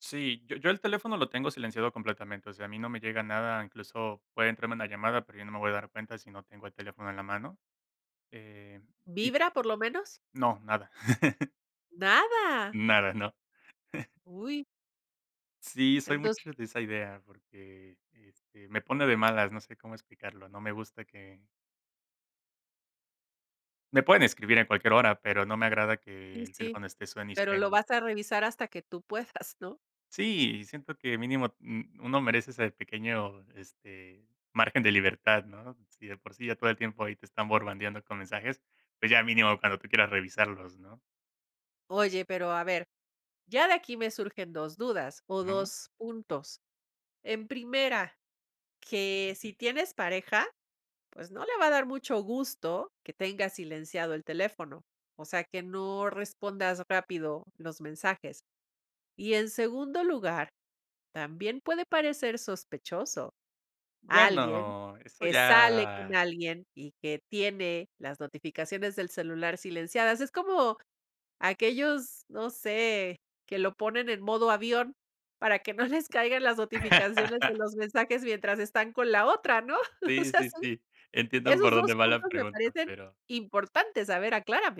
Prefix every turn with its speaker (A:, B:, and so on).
A: Sí, yo yo el teléfono lo tengo silenciado completamente, o sea, a mí no me llega nada, incluso puede entrarme una llamada, pero yo no me voy a dar cuenta si no tengo el teléfono, en la mano, eh, y
B: ¿Vibra, por lo menos?
A: No, nada.
B: ¿Nada?
A: Nada, no.
B: ¡Uy!
A: Sí, soy
B: Entonces
A: mucho de esa idea, porque, este, me pone de malas, no sé cómo explicarlo, no me gusta que me pueden escribir en cualquier hora, pero no me agrada que
B: Y
A: el
B: sí,
A: teléfono esté suene y
B: pero lo
A: suene.
B: vas a revisar hasta que tú puedas, ¿no?
A: Sí, siento que mínimo u uno merece ese pequeño, este, margen de libertad, ¿no? Si de por sí ya todo el tiempo ahí te están bombardeando con mensajes, pues, ya mínimo cuando tú quieras revisarlos, ¿no?
B: Oye, pero, a ver, ya de aquí me surgen 2 dudas, o,
A: No.
B: 2 puntos. En primera, que si tienes pareja, pues, no le va a dar mucho gusto que tengas silenciado el teléfono, o sea, que no respondas rápido los mensajes. Y, en segundo lugar, también puede parecer sospechoso alguien
A: Bueno, eso
B: que sale con
A: ya
B: alguien y que tiene las notificaciones del celular silenciadas, es como, aquellos, no sé, que lo ponen en modo avión para que no les caigan las notificaciones de los mensajes mientras están con la otra, ¿no? O
A: Sí,
B: sea,
A: sí,
B: son
A: sí. Entiendo
B: Esos
A: por
B: 2
A: dónde va la
B: puntos me
A: pregunta,
B: parecen
A: pero
B: importantes, a ver, ¿aclárame?